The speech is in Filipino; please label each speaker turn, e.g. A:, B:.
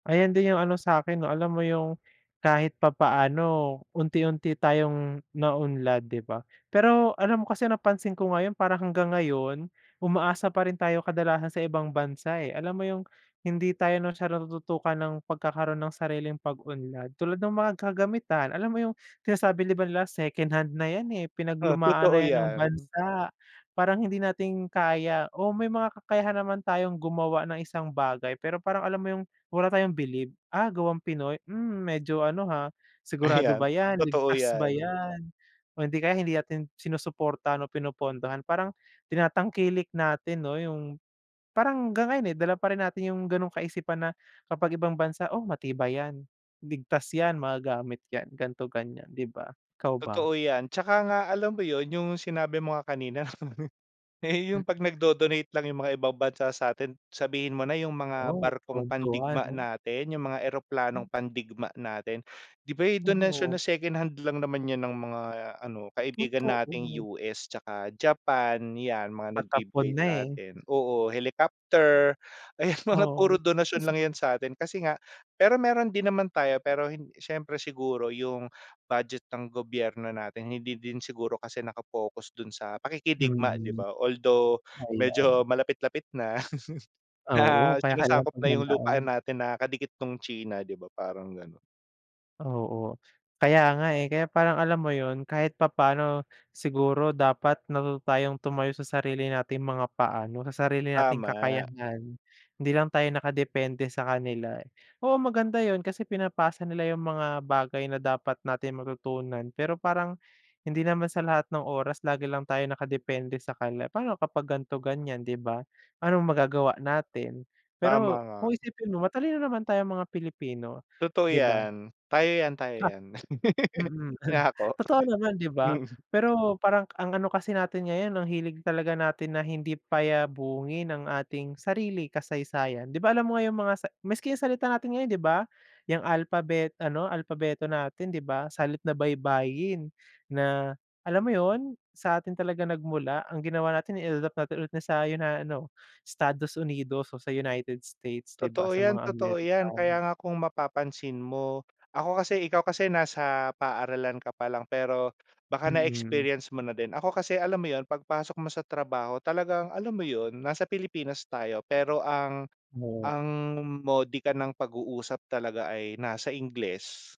A: Ayan din yung ano sa'kin 'no, alam mo yung kahit papaano unti-unti tayong naunlad, 'di ba? Pero, alam mo kasi, napansin ko ngayon parang hanggang ngayon umaasa pa rin tayong kadalasan sa ibang bansa, eh, alam mo yung hindi tayo masyado natututukan ng pagkakaroon ng sariling pag-unlad, tulad ng mga kagamitan alam mo yung sinasabi ba nila second-hand na yan eh,
B: Oh,
A: pinaglumaan
B: totoo
A: na yan ng
B: yan.
A: bansa, parang hindi natin kaya o may mga kakayahan naman tayong gumawa ng isang bagay pero parang alam mo yung wala tayong bilib, ah, gawang Pinoy, mm, medyo ano, ha, sigurado
B: Ayan,
A: ba yan?
B: totoo
A: Ligtas ba
B: yan.
A: yan o hindi kaya hindi natin sinusuportahan o pinupondohan ,parang tinatangkilik natin 'no yung, parang hang ngayon eh, dala pa rin natin yung ganong kaisipan na kapag ibang bansa, oh, matibay yan, ligtas yan, magagamit yan, gan'to ganyan 'di ba, ikaw ba?
B: Totoo yan, 'tsaka nga alam mo yun, yung sinabi mo nga kanina, eh,
A: Mm.
B: yung 'pag nagdo-donate lang yung mga ibang bansa satin sabihin mo na yung mga
A: Oh,
B: barkong
A: tuwang-tuwa
B: pandigma
A: 'no?
B: natin, yung mga eroplanong pandigma natin 'di ba, eh, donasyon na
A: Oo.
B: second-hand lang naman yun ng mga ano kaibigan
A: Totoo.
B: nating US 'tsaka Japan, yan mga
A: Patapon
B: nagbibigay
A: na,
B: sa
A: eh.
B: atin. Oo, helicopter, ayan mga puro
A: Oo.
B: donasyon lang yan sa'tin, kasi nga pero meron din naman tayo pero, siyempre siguro yung budget ng gobyerno natin, hindi din siguro kasi naka-focus dun sa pakikidigma 'di
A: Mhm,
B: ba, although, medyo
A: ayan.
B: malapit-lapit na, na
A: Oo, kaya kailangan
B: sinasakop na yung lupaan
A: paghandaan.
B: natin na, kadikit nung China 'di ba parang ganon?
A: Oo, kaya nga eh, kaya parang alam mo yun, kahit papaano siguro dapat matuto tumayo sa sarili nating mga paa 'no, sa sarili nating
B: Tama.
A: kakayahan, hindi lang tayo nakadepende sa kanila. Oo, maganda yun kasi pinapasa nila yung mga bagay na dapat nating matutunan, pero parang hindi naman sa lahat ng oras lagi lang tayo nakadepende sa kanila pa'no kapag ganito, ganyan, 'di ba? Anong magagawa natin?
B: Tama
A: Pero,
B: nga.
A: kung isipin mo matalino naman tayong mga Pilipino,
B: Totoo
A: 'di ba?
B: yan, tayo yan, tayo
A: Ha,
B: yan,
A: mm,
B: inako?
A: totoo
B: Hindi.
A: naman 'di ba?
B: Mm.
A: Pero, parang ang ano kasi natin ngayon ang hilig talaga natin na hindi payabungin ang ating sarili kasaysayan. 'Di ba, alam mo ngayon yung mga sa maski yung salita natin ngayon 'di ba, yang alphabet, ano alphabeto natin 'di ba, salit na baybayin, na, alam mo yun, sa atin talaga nagmula ang ginawa natin in-adapt natin sa 'yo, na ano, Estados Unidos o sa United States, 'di ba,
B: Totoo
A: sa
B: yan,
A: mga
B: totoo yan, kaya
A: American.
B: nga kung mapapansin mo, ako kasi, ikaw kasi, nasa paaralan ka pa lang pero baka
A: Mhm.
B: na-experience mo na din. Ako kasi alam mo yun, 'pag pasok mo sa trabaho talagang, alam mo yun nasa Pilipinas tayo, pero ang
A: Oo.
B: ang modika ng pag-uusap talaga ay nasa Ingles.